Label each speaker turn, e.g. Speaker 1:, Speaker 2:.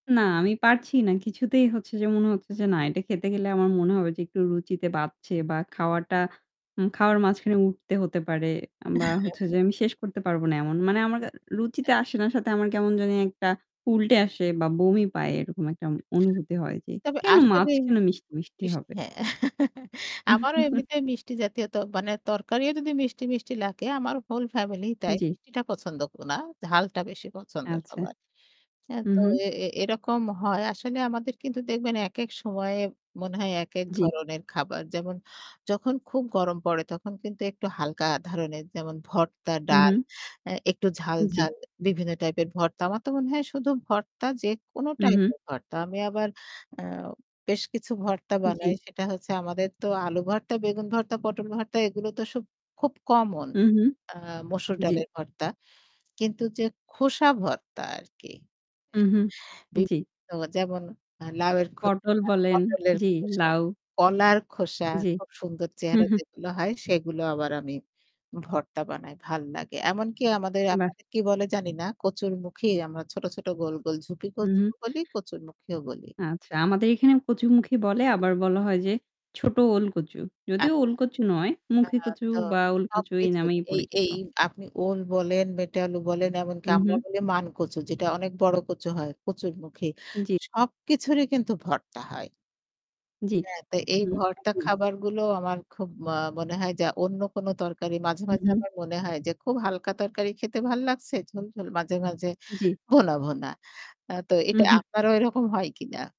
Speaker 1: না, আমি পারছি না। কিছুতেই হচ্ছে যে মনে হচ্ছে যে না এটা খেতে খেলে আমার মনে হবে যে একটু রুচিতে বাঁধছে বা খাওয়াটা হু, খাওয়ার মাঝখানে উঠতে হতে পারে বা হচ্ছে যে আমি শেষ করতে পারবো না এমন। মানে আমার রুচিতে আসে না। সাথে আমার কেমন জানি একটা উল্টে আসে বা বমি পায় এরকম একটা অনুভূতি হয় যে,
Speaker 2: তবে
Speaker 1: "কেন মাছ
Speaker 2: আসলেই
Speaker 1: কেন মিষ্টি, মিষ্টি
Speaker 2: ইশ,
Speaker 1: হবে?"
Speaker 2: হ্যাঁ আমারও এমনিতে মিষ্টি জাতীয়, তো মানে তরকারিও যদি মিষ্টি, মিষ্টি লাগে আমার হোল ফ্যামিলি তাই
Speaker 1: জী।
Speaker 2: মিষ্টিটা পছন্দ না। ঝালটা বেশি পছন্দ
Speaker 1: আচ্ছা।
Speaker 2: সবার। হ্যাঁ
Speaker 1: হু,
Speaker 2: তো
Speaker 1: হু।
Speaker 2: এ এরকম হয় আসলে আমাদের কিন্তু দেখবেন একেক সময়ে মনে হয় একেক
Speaker 1: জী।
Speaker 2: ধরনের খাবার যেমন যখন খুব গরম পড়ে তখন কিন্তু একটু হালকা ধরনের যেমন ভর্তা,
Speaker 1: হু,
Speaker 2: ডাল
Speaker 1: হু।
Speaker 2: একটু
Speaker 1: জী।
Speaker 2: ঝাল-ঝাল বিভিন্ন টাইপের ভর্তা। আমার তো মনে হয় শুধু ভর্তা যেকোনো
Speaker 1: হু, হু।
Speaker 2: টাইপের ভর্তা। আমি আবার আ বেশ কিছু ভর্তা বানাই
Speaker 1: জী।
Speaker 2: সেটা হচ্ছে আমাদের তো আলু ভর্তা, বেগুন ভর্তা, পটল ভর্তা এগুলো তো সব খুব কমন
Speaker 1: হু, হু,
Speaker 2: আ মসুর
Speaker 1: জী।
Speaker 2: ডালের ভর্তা। কিন্তু যে খোসা ভর্তা আরকি
Speaker 1: হু, হু।
Speaker 2: অ্যা
Speaker 1: জী।
Speaker 2: বিভিন্ন যেমন লাউয়ের
Speaker 1: পটল
Speaker 2: খোসা,
Speaker 1: বলেন,
Speaker 2: পটলের
Speaker 1: জী,
Speaker 2: খোসা,
Speaker 1: লাউ।
Speaker 2: কলার খোসা
Speaker 1: জী।
Speaker 2: খুব সুন্দর
Speaker 1: হু,
Speaker 2: চেহারা
Speaker 1: হু।
Speaker 2: যেগুলো হয় সেগুলো আবার আমি ভর্তা বানাই, ভাল লাগে। এমনকি আমাদের
Speaker 1: বাহ!
Speaker 2: আপনাদের কি বলে জানি না 'কচুরমুখী' আমরা ছোট-ছোট গোল, গোল
Speaker 1: হুম,
Speaker 2: 'ঝুপি-কচু'
Speaker 1: হুম।
Speaker 2: বলি, 'কচুরমুখীও' বলি।
Speaker 1: আচ্ছা, আমাদের এখানে 'কচু-মুখি' বলে আবার বলা হয় যে 'ছোট ওল-কচু'। যদিও
Speaker 2: আচ্ছা।
Speaker 1: 'ওল-কচু' নয়
Speaker 2: আ
Speaker 1: 'মুখী-কচু'
Speaker 2: তো
Speaker 1: বা 'ওল-কচু' এই
Speaker 2: সবকিছু।
Speaker 1: নামেই
Speaker 2: এই
Speaker 1: পরিচিত।
Speaker 2: এই আপনি ওল বলেন, মেটে আলু বলেন এমনকি
Speaker 1: হু,
Speaker 2: আমরা
Speaker 1: হু।
Speaker 2: বলি 'মান-কচু' যেটা অনেক বড় কচু হয় 'কচুরমুখি'।
Speaker 1: জী।
Speaker 2: সবকিছুরই কিন্তু ভর্তা হয়।
Speaker 1: জী।
Speaker 2: হ্যাঁ, তো এই
Speaker 1: হু,
Speaker 2: ভর্তা
Speaker 1: হু।
Speaker 2: খাবারগুলো আমার খুব ম মনে হয় যা অন্য কোন তরকারি মাঝে,
Speaker 1: হু,
Speaker 2: মাঝে
Speaker 1: হু।
Speaker 2: আমার মনে হয় যে খুব হালকা তরকারি খেতে ভাল লাগছে। ঝোল, ঝোল মাঝে, মাঝে
Speaker 1: জী।
Speaker 2: ভুনা, ভুনা। তো
Speaker 1: হু,
Speaker 2: এটা
Speaker 1: হু।
Speaker 2: আপনারও ওইরকম হয় কিনা?